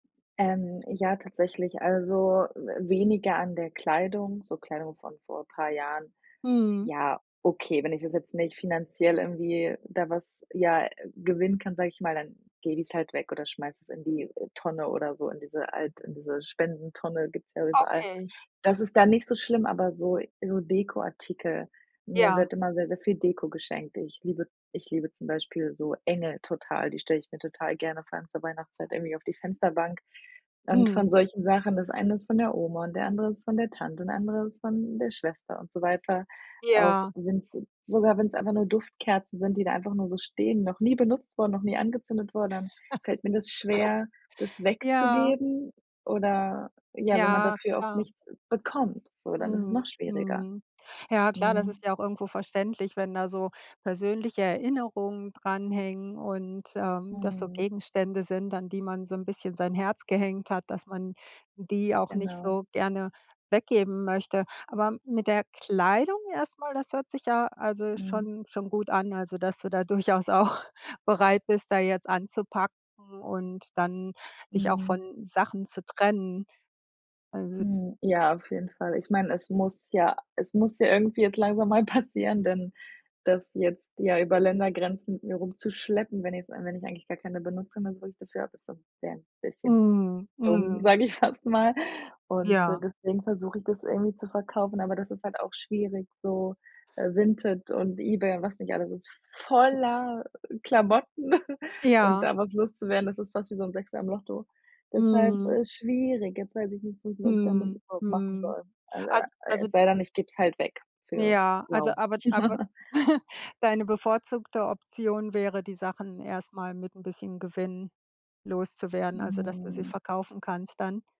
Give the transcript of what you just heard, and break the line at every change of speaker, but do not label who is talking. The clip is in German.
Ähm, ja, tatsächlich, also, w weniger an der Kleidung, so Kleidung von vor paar Jahren.
Mhm.
Ja, okay, wenn ich das jetzt nicht finanziell irgendwie da was, ja gewinnen kann, sage ich mal, dann lege ich's halt weg oder schmeiß es in die Tonne oder so, in diese Alt in diese Spendentonne gibt's ja überall.
Okay.
Das ist da nicht so schlimm, aber so so Dekoartikel. Mir
Ja.
wird immer sehr, sehr viel Deko geschenkt. Ich liebe ich liebe zum Beispiel so Engel total. Die stelle ich mir total gerne vor allem zur Weihnachtszeit irgendwie auf die Fensterbank. Und von
Mhm.
solchen Sachen das eine ist von der Oma und der andere ist von der Tante und der andere ist von der Schwester und so weiter. Auch
Ja.
wenn's sogar wenn's einfach nur Duftkerzen sind, die da einfach nur so stehen, noch nie benutzt wurden, noch nie angezündet wurden, dann fällt mir das schwer, das
Ja.
wegzugeben oder ja, wenn man
Ja,
dafür auch
klar.
nichts bekommt so, dann ist es noch
Mhm,
schwieriger.
mhm. Ja, klar, das
Mhm.
ist ja auch irgendwo verständlich, wenn da so persönliche Erinnerungen dranhängen und, ähm, das so
Mhm.
Gegenstände sind, an die man so 'n bisschen sein Herz gehängt hat, dass man die auch nicht
Genau.
so gerne weggeben möchte. Aber mit der Kleidung erst mal, das hört sich ja also
Mhm.
schon schon gut an, also, dass du da durchaus auch bereit bist, da jetzt anzupacken und dann dich auch
Mhm.
von Sachen zu trennen. Also
Mhm, ja, auf jeden Fall. Ich meine, es muss ja es muss ja irgendwie jetzt langsam mal passieren, denn das jetzt, ja, über Ländergrenzen mit mir rumzuschleppen, wenn es wenn ich eigentlich gar keine Benutzung mehr so richtig dafür habe also, wäre ein bisschen
Mhm,
dumm,
mhm.
sage ich fast mal Und, äh,
Ja.
deswegen versuche ich das irgendwie zu verkaufen, aber das ist halt auch schwierig so. Äh, Vinted und eBay und was nicht alles, ist voller Klamotten, und
Ja.
da was loszuwerden, das ist fast wie so 'n Sechser im Lotto. Deshalb
Mhm.
ist es schwierig. Jetzt weiß ich nicht so, was ich damit
Mhm,
überhaupt machen
mhm.
soll.
Als
[unintelligible]
also
Es sei denn, ich gebe es halt weg für
Ja, also,
Lau.
aber aber deine bevorzugte Option wäre, die Sachen erst mal mit 'n bisschen Gewinn loszuwerden, also, dass du sie
Mhm.
verkaufen kannst dann?